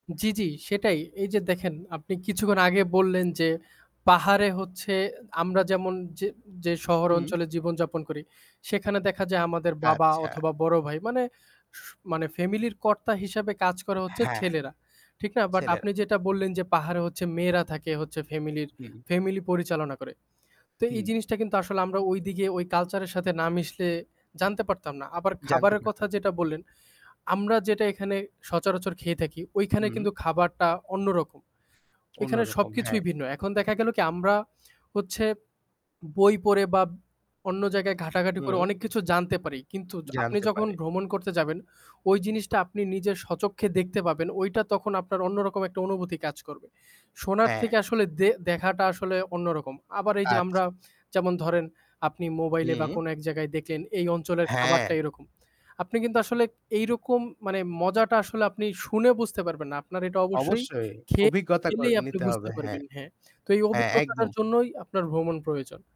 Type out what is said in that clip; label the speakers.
Speaker 1: জি, জি সেটাই। এই যে দেখেন, আপনি কিছুক্ষণ আগে বললেন যে, পাহাড়ে হচ্ছে আমরা যেমন যে যে শহর
Speaker 2: হুম।
Speaker 1: অঞ্চলে জীবনযাপন করি, সেখানে দেখা যায় আমাদের বাবা
Speaker 2: আচ্ছা।
Speaker 1: অথবা বড়ো ভাই মানে স মানে ফ্যামিলির কর্তা হিসাবে কাজ করে হচ্ছে
Speaker 2: হ্যাঁ।
Speaker 1: ছেলেরা। ঠিক না, বাট
Speaker 2: ছেলেরা।
Speaker 1: আপনি যেটা বললেন যে, পাহাড়ে হচ্ছে মেয়েরা থাকে হচ্ছে ফ্যামিলির
Speaker 2: হু।
Speaker 1: ফ্যামিলি পরিচালনা করে। তো এই
Speaker 2: হুম।
Speaker 1: জিনিসটা কিন্তু আসলে আমরা ওইদিকে ওই কালচারের সাথে না মিশলে জানতে পারতাম না। আবার
Speaker 2: জানতে
Speaker 1: খাবারের কথা
Speaker 2: পারতাম।
Speaker 1: যেটা বললেন, আমরা যেটা এখানে সচরাচর খেয়ে থাকি, ওইখানে কিন্তু
Speaker 2: হু।
Speaker 1: খাবারটা অন্যরকম। ওইখানে
Speaker 2: অন্যরকম,
Speaker 1: সবকিছুই
Speaker 2: হ্যাঁ।
Speaker 1: ভিন্ন। এখন দেখা গেল কি আমরা হচ্ছে, বই পড়ে বা অন্য জায়গায় ঘাঁটাঘাঁটি করে
Speaker 2: হুম।
Speaker 1: অনেক কিছু জানতে পারি, কিন্তু আপনি
Speaker 2: জানতে
Speaker 1: যখন
Speaker 2: পারে।
Speaker 1: ভ্রমণ করতে যাবেন, ওই জিনিসটা আপনি নিজের স্বচক্ষে দেখতে পাবেন, ওইটা তখন আপনার অন্যরকম একটা অনুভূতি কাজ করবে। শোনার
Speaker 2: হ্যাঁ।
Speaker 1: থেকে আসলে দে দেখাটা আসলে অন্যরকম। আবার এই যে, আমরা
Speaker 2: আচ্ছা।
Speaker 1: যেমন ধরেন, আপনি মোবাইলে বা
Speaker 2: হু।
Speaker 1: কোনো এক জায়গায় দেখলেন, এই অঞ্চলের খাবারটা
Speaker 2: হ্যাঁ।
Speaker 1: এরকম। আপনি কিন্তু আসলে, এইরকম মানে মজাটা আসলে আপনি শুনে বুঝতে পারবেন না। আপনার এটা অবশ্যই
Speaker 2: অবশ্যই,
Speaker 1: খেয়ে
Speaker 2: অভিজ্ঞতা ক
Speaker 1: খেলেই আপনি
Speaker 2: নিতে হবে,
Speaker 1: বুঝতে
Speaker 2: হ্যাঁ।
Speaker 1: পারবেন, হ্যাঁ। তো, এই
Speaker 2: হ্যাঁ,
Speaker 1: অভিজ্ঞতাটার
Speaker 2: একদম।
Speaker 1: জন্যই আপনার ভ্রমণ প্রয়োজন।